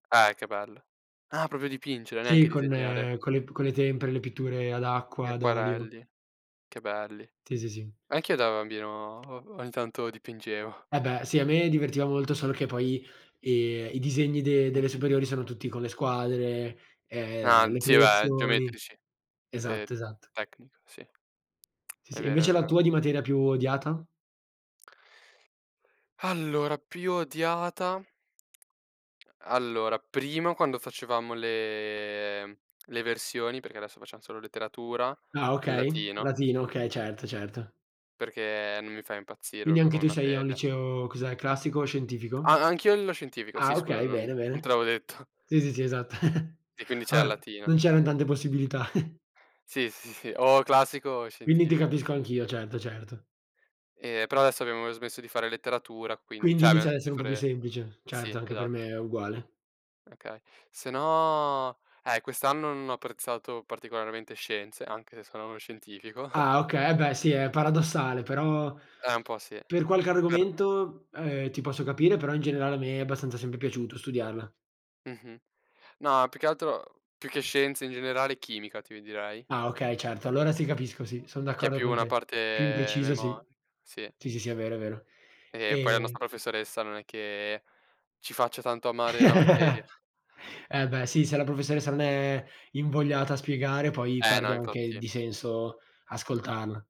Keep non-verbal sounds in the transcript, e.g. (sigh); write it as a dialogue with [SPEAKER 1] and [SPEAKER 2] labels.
[SPEAKER 1] Eh che bello. Ah proprio dipingere,
[SPEAKER 2] Sì,
[SPEAKER 1] neanche
[SPEAKER 2] con
[SPEAKER 1] disegnare.
[SPEAKER 2] con le p con le tempere, le pitture ad
[SPEAKER 1] Gli
[SPEAKER 2] acqua, ad olio.
[SPEAKER 1] acquarelli, che belli.
[SPEAKER 2] Sì, sì, sì.
[SPEAKER 1] Anche io da bambino o ogni tanto dipingevo.
[SPEAKER 2] Eh beh, sì, a me divertiva molto, solo che poi, ehm, i disegni de delle
[SPEAKER 1] Mh-mh.
[SPEAKER 2] superiori sono tutti con le squadre,
[SPEAKER 1] Ah,
[SPEAKER 2] ehm, le
[SPEAKER 1] sì beh,
[SPEAKER 2] proiezioni
[SPEAKER 1] geometrici, ehm,
[SPEAKER 2] Esatto, esatto.
[SPEAKER 1] tecnica, sì. (clicks tongue)
[SPEAKER 2] Sì,
[SPEAKER 1] È
[SPEAKER 2] sì.
[SPEAKER 1] vero, è
[SPEAKER 2] Invece la
[SPEAKER 1] vero.
[SPEAKER 2] tua di materia più odiata?
[SPEAKER 1] (sighs) Allora più odiata (unintelligible) allora prima quando facevamo le le versioni, perché adesso facciam solo letteratura,
[SPEAKER 2] Ah
[SPEAKER 1] il
[SPEAKER 2] okay,
[SPEAKER 1] latino.
[SPEAKER 2] latino, okay, certo, certo.
[SPEAKER 1] Perché non mi fa impazzire
[SPEAKER 2] Quindi
[SPEAKER 1] proprio
[SPEAKER 2] anche
[SPEAKER 1] come
[SPEAKER 2] tu sei a un
[SPEAKER 1] materia.
[SPEAKER 2] liceo, cos'è, classico o scientifico?
[SPEAKER 1] A anch'io lo scientifico,
[SPEAKER 2] Ah
[SPEAKER 1] sì scusa,
[SPEAKER 2] okay,
[SPEAKER 1] non
[SPEAKER 2] bene,
[SPEAKER 1] non te
[SPEAKER 2] bene.
[SPEAKER 1] l'avevo detto.
[SPEAKER 2] Sì, sì, sì, esatto. (chuckles)
[SPEAKER 1] E quindi c'è a
[SPEAKER 2] Vabbè.
[SPEAKER 1] latina.
[SPEAKER 2] Non c'eran tante possibilità. (chuckles)
[SPEAKER 1] Sì, sì, sì, o classico o
[SPEAKER 2] Quindi ti
[SPEAKER 1] scientifico.
[SPEAKER 2] capisco anch'io certo, certo.
[SPEAKER 1] E però adesso abbiamo smesso di fare letteratura quind
[SPEAKER 2] Quindi
[SPEAKER 1] cioè, abbiamo
[SPEAKER 2] inizia ad
[SPEAKER 1] smesso
[SPEAKER 2] essere
[SPEAKER 1] di
[SPEAKER 2] un po' più
[SPEAKER 1] fare
[SPEAKER 2] semplice,
[SPEAKER 1] Sì
[SPEAKER 2] certo anche per me
[SPEAKER 1] esatto.
[SPEAKER 2] è uguale.
[SPEAKER 1] Okay, se no, eh, quest'anno non ho apprezzato particolarmente scienze, anche se sono a uno scientifico.
[SPEAKER 2] Ah okay beh sì, è paradossale, però
[SPEAKER 1] Eh un po' sì.
[SPEAKER 2] per qualche
[SPEAKER 1] (unintelligible)
[SPEAKER 2] argomento, ehm, ti posso capire, però in generale a me è abbastanza sempre piaciuto studiarla.
[SPEAKER 1] Mh-mh. No, più che altro, uhm, più che scienza in generale, chimica ti direi.
[SPEAKER 2] Ah okay, certo, allora sì capisco, sì, son
[SPEAKER 1] Che è
[SPEAKER 2] d'accordo
[SPEAKER 1] più
[SPEAKER 2] con
[SPEAKER 1] una
[SPEAKER 2] te. Più
[SPEAKER 1] parte
[SPEAKER 2] impreciso sì.
[SPEAKER 1] memo sì.
[SPEAKER 2] Sì, sì, sì, è vero è vero
[SPEAKER 1] E poi la
[SPEAKER 2] ehm
[SPEAKER 1] nostra professoressa non è che ci faccia tanto amare la materia.
[SPEAKER 2] (chuckles) Eh beh sì, se la professoressa non è invogliata a spiegare poi
[SPEAKER 1] Eh
[SPEAKER 2] perde
[SPEAKER 1] no,
[SPEAKER 2] anche
[SPEAKER 1] infatti.
[SPEAKER 2] di senso ascoltarla.